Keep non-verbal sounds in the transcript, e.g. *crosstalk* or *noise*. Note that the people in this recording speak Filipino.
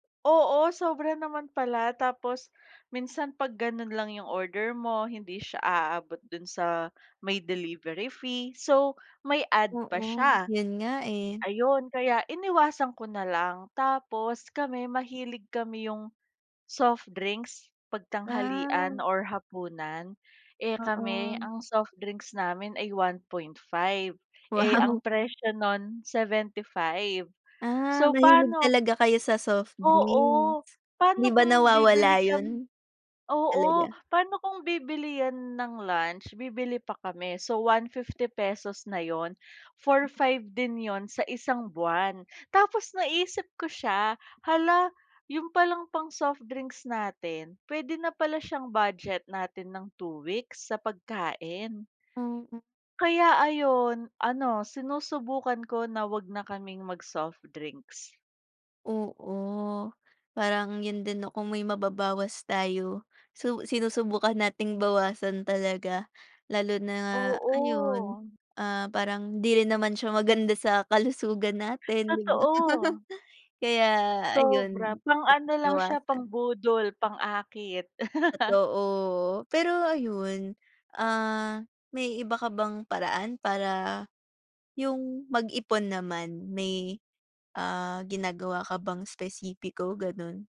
Oo, sobra naman pala. Tapos minsan 'pag ganun lang yung order mo. Hindi siya aabot dun sa may delivery fee, so may add pa Oo. siya. Yun nga, eh. Ayon kaya iniwasan ko na lang. Tapos kami mahilig kami yung soft drinks, 'pag tanghalian Ah. or hapunan. Eh, kami Oo. ang soft drinks namin ay 1.5. Eh, ang Wow. presyo nun 75, Ah, so mahilig paano talaga kayo sa soft Oo. drinks? 'Di Paano ba kung bibili nawawala kami yun? oo. Talaga. Paano kung bibili yan ng lunch, bibili pa kami, so ₱150 na yun, 4,500 din yun sa isang buwan. Tapos naisip ko siya, "Hala, yun palang pang soft drinks natin pwede na pala siyang budget natin ng 2 weeks sa pagkain." Mm. kaya ayun. Ano, sinusubukan ko na wag na kaming mag-soft drinks. Oo. Parang yun din 'no, kung may mababawas tayo, su sinusubukan nating bawasan talaga. Lalo na, ayun, Oo. ah, parang hindi rin naman siya maganda sa kalusugan natin, 'di ba? Totoo. *laughs* Kaya Sobra. ayun, Pang ano dapat lang siya, bawasan. pang-budol, pang-akit. *laughs* Totoo. Pero ayun, ah, may iba ka bang paraan para, yung mag ipon naman. May, ah, ginagawa ka bang espesipiko, ganun?